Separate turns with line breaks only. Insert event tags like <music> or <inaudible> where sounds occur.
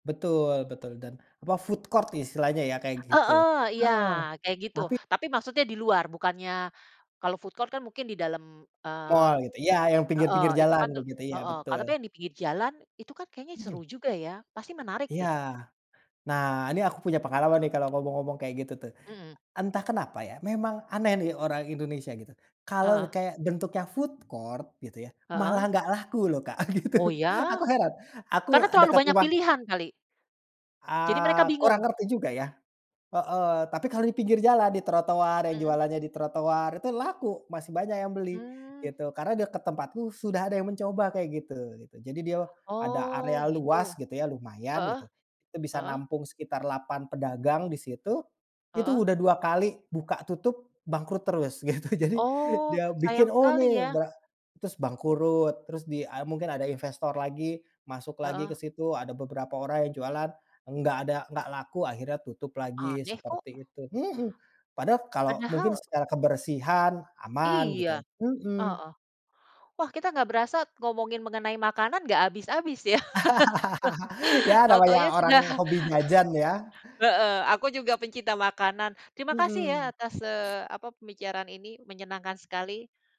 Betul betul dan apa food court istilahnya ya, kayak gitu.
Heeh, iya,
Heeh.
kayak gitu.
Tapi
Tapi maksudnya di luar, bukannya, kalau food court kan mungkin di dalam, eee
Mall gitu, ya yang
heeh,
pinggir-pinggir
itu
jalan,
kan te
begitu, iya
heeh, ka tapi
betul.
yang di pinggir jalan, itu kan kayaknya seru
Mhm.
juga ya, pasti menarik
Iya.
deh.
Nah, ini aku punya pengalaman nih, kalau mau ngomong-ngomong kayak gitu tuh.
Mhm.
Entah kenapa ya, memang aneh nih orang Indonesia gitu. Kalau
Heeh.
kayak bentuknya food court gitu ya, malah
Heeh.
nggak laku loh, Kak, gitu.
Oh iya?
Aku heran aku,
Karena
eee,
terlalu
dekat
banyak
rumah
pilihan kali? Jadi mereka
Eee, kurang
bingung.
ngerti juga ya. Heeh, tapi kalau di pinggir jalan, di trotoar, yang
Mhm.
jualannya di trotoar, itu laku, masih banyak yang beli,
Mmm.
gitu. Karena deket tempatku sudah ada yang mencoba kayak gitu gitu. Jadi dia ada
Oh
area luas
gitu.
gitu ya, lumayan
Heeh,
gitu. Itu bisa
heeh.
nampung sekitar 8 pedagang di situ, itu
Heeh.
udah 2 kali buka tutup, bangkrut terus, gitu. Jadi,
Oh.
dia bikin,
Sayang
oh
sekali
ini
ya.
bre terus bangkrut, terus di, eee, mungkin ada investor lagi, masuk lagi
Heeh.
ke situ, ada beberapa orang yang jualan, nggak ada nggak laku, akhirnya tutup lagi
Aneh kok.
seperti itu, mhm. Padahal kalau mungkin
Padahal
secara kebersihan, aman
Iya.
gitu ya, mhm.
Heeh. Wah kita nggak berasa ngomongin mengenai makanan nggak habis-habis ya.
<laughs> Ya
<laughs>
namanya
Tau-taunya
orang
sudah
hobi jajan ya.
Heeh. Aku juga pecinta makanan. Terima kasih ya
Mhm.
atas, eee, apa, pembicaraan ini. Menyenangkan sekali.